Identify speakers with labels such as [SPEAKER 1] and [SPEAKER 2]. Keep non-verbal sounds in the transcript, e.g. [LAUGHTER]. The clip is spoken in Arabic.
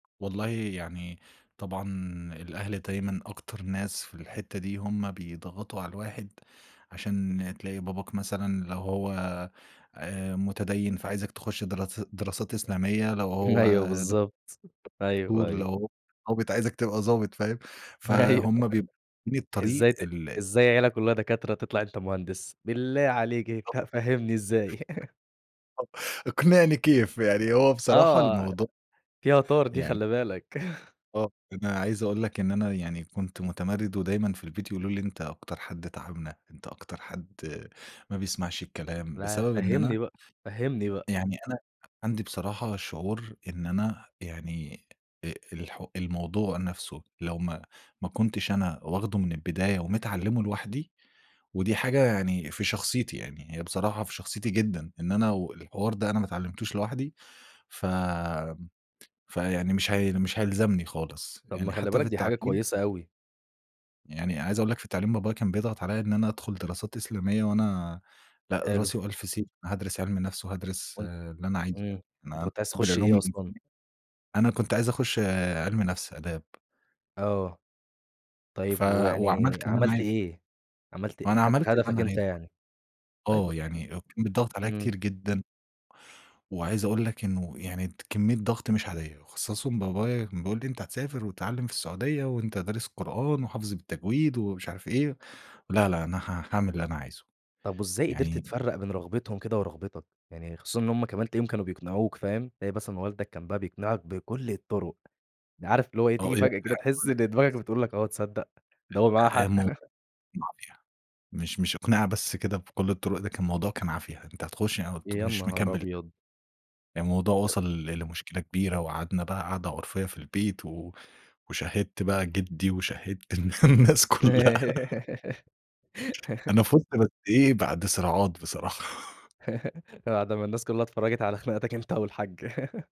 [SPEAKER 1] والله يعني طبعًا الأهل دايمًا أكتر ناس في الحتّة دي، هم بيضغطوا على الواحد، عشان تلاقي باباك مثلًا لو هو آآ، مُتديِّن فعايزك تخُش دراس دراسات إسلامية، لو هو
[SPEAKER 2] أيوه
[SPEAKER 1] دك
[SPEAKER 2] بالضبط. أيوه،
[SPEAKER 1] دكتور،
[SPEAKER 2] أيوه.
[SPEAKER 1] لو هو هو بت عايزك تبقى ضابط فاهم؟
[SPEAKER 2] أيوة [CHUCKLES]
[SPEAKER 1] فهُم بيب من الطريق
[SPEAKER 2] إزاي ت
[SPEAKER 1] ال
[SPEAKER 2] إزاي عِيلة كُلّها دكاترة، تطلع أنت مهندس؟ بالله عليك، ف
[SPEAKER 1] بالضبط.
[SPEAKER 2] فاهمني إزاي؟ [LAUGHS]
[SPEAKER 1] [UNINTELLIGIBLE] اقنعني كيف، يعني هو بصراحة
[SPEAKER 2] آه،
[SPEAKER 1] الموضو
[SPEAKER 2] دي يُعتبر دي
[SPEAKER 1] يعن
[SPEAKER 2] خلّي بالك. [CHUCKLES]
[SPEAKER 1] آه، أنا عايز أقول لك إن أنا يعني كنت مُتمرِّد، ودايمًا في البيت يقولوا لي: "أنت أكتر حد تاعبنا، أنت أكتر حد ما بيسمعش الكلام."
[SPEAKER 2] لأ،
[SPEAKER 1] بسبب إن
[SPEAKER 2] فهّمني
[SPEAKER 1] أنا
[SPEAKER 2] بقى، فهّمني بقى.
[SPEAKER 1] يعني أنا أ عندي بصراحة شعور إن أنا يعني آآ، الحو الموضوع نَفْسه لو ما ما كنتش أنا واخده من البداية ومتعلّمه لوحدي ودي حاجة يعني في شخصيتي، يعني هي بصراحة في شخصيتي جدًا إن أنا و الحوار ده أنا ما اتعلمتوش لوحدي، ف آمم فيعني مش هي مش هيلزمني خالص.
[SPEAKER 2] طَب ما
[SPEAKER 1] يعني
[SPEAKER 2] خلّي
[SPEAKER 1] حتّى
[SPEAKER 2] بالك،
[SPEAKER 1] في
[SPEAKER 2] دي حاجة
[SPEAKER 1] التعليم
[SPEAKER 2] كويسة أوي.
[SPEAKER 1] يعني عايز أقول لك في التعليم، بابايا كان بيضغط عليّا إن أنا أدخُل دراسات إسلامية وأنا لأ،
[SPEAKER 2] حلو.
[SPEAKER 1] راسي وألف سيف، هادْرِس عِلم نَفْس وهادْرِس
[SPEAKER 2] وأن
[SPEAKER 1] اللي أنا عايزه يعني.
[SPEAKER 2] إمم.
[SPEAKER 1] أنا
[SPEAKER 2] أنت كنت عايز
[SPEAKER 1] باحِب
[SPEAKER 2] تخُش
[SPEAKER 1] العلوم
[SPEAKER 2] إيه أصلًا؟
[SPEAKER 1] الإنسانية. أنا كنت عايز أخُش عِلم نَفْس، آداب.
[SPEAKER 2] آه.
[SPEAKER 1] ف
[SPEAKER 2] طيب ويعني
[SPEAKER 1] وعملت اللي أنا
[SPEAKER 2] عملت
[SPEAKER 1] عايزه.
[SPEAKER 2] إيه؟ عملت آآ،
[SPEAKER 1] وأنا
[SPEAKER 2] أخدت
[SPEAKER 1] عملت اللي
[SPEAKER 2] هدفك
[SPEAKER 1] أنا
[SPEAKER 2] أنت
[SPEAKER 1] عايزه.
[SPEAKER 2] يعني. طيب،
[SPEAKER 1] آه،
[SPEAKER 2] يعني
[SPEAKER 1] يعني وكان بيتضغط عليّا
[SPEAKER 2] إمم.
[SPEAKER 1] كتير جدًا. وعايز أقول لك إنه يعني ت كمّية ضغْط مش عادية، وأخصّصهم بابايا كان بيقول لي: "أنت هتسافر وتتعلّم في السعودية وأنت دارس قرآن وحافظه بالتجويد." ومش عارف إيه. لا، لا، أنا ها هاعمل اللي أنا عايزه.
[SPEAKER 2] طَب وإزاي قِدرت
[SPEAKER 1] يعني
[SPEAKER 2] تفرّق بين رغبتهم كده ورغبتك؟ يعني خصوصًا إن هم كمان تلاقيهم كانوا بيقنعوك، فاهم؟ تلاقي مثلًا والدك كان بقى بيقنِعك بكُلّ الطُرق. ده عارف اللي هو إيه،
[SPEAKER 1] أو
[SPEAKER 2] تيجي
[SPEAKER 1] إيه
[SPEAKER 2] فجأة
[SPEAKER 1] [UNINTELLIGIBLE]
[SPEAKER 2] كده تحِس
[SPEAKER 1] باقول لك
[SPEAKER 2] إن دماغك بتقول
[SPEAKER 1] [UNINTELLIGIBLE]
[SPEAKER 2] لك، آه تصدّق، ده هو معاه
[SPEAKER 1] أ آآ
[SPEAKER 2] حق.
[SPEAKER 1] مو
[SPEAKER 2] [CHUCKLES]
[SPEAKER 1] مافيا. مش مش أقنِعة بس كده بكل الطُرُق، ده كان موضوع كان عافية. أنت هتخُش يعني قُلت
[SPEAKER 2] يا
[SPEAKER 1] مش
[SPEAKER 2] نهار
[SPEAKER 1] مكمّل.
[SPEAKER 2] أبيض!
[SPEAKER 1] يعني الموضوع
[SPEAKER 2] ت
[SPEAKER 1] وصَل لمشكلة كبيرة وقعدنا بقى قعدة عُرفية في البيت و وشَهِّدت بقى جِدّي وشَهِّدت الن الناس كُلّها. [LAUGHS] أنا فُزت بس
[SPEAKER 2] [LAUGHS]
[SPEAKER 1] إيه، بعد صراعات بصراحة. [CHUCKLES]
[SPEAKER 2] [LAUGHS] ده بعد ما الناس كُلّها اتفرّجت على خناقاتك أنت والحاج. [LAUGHS]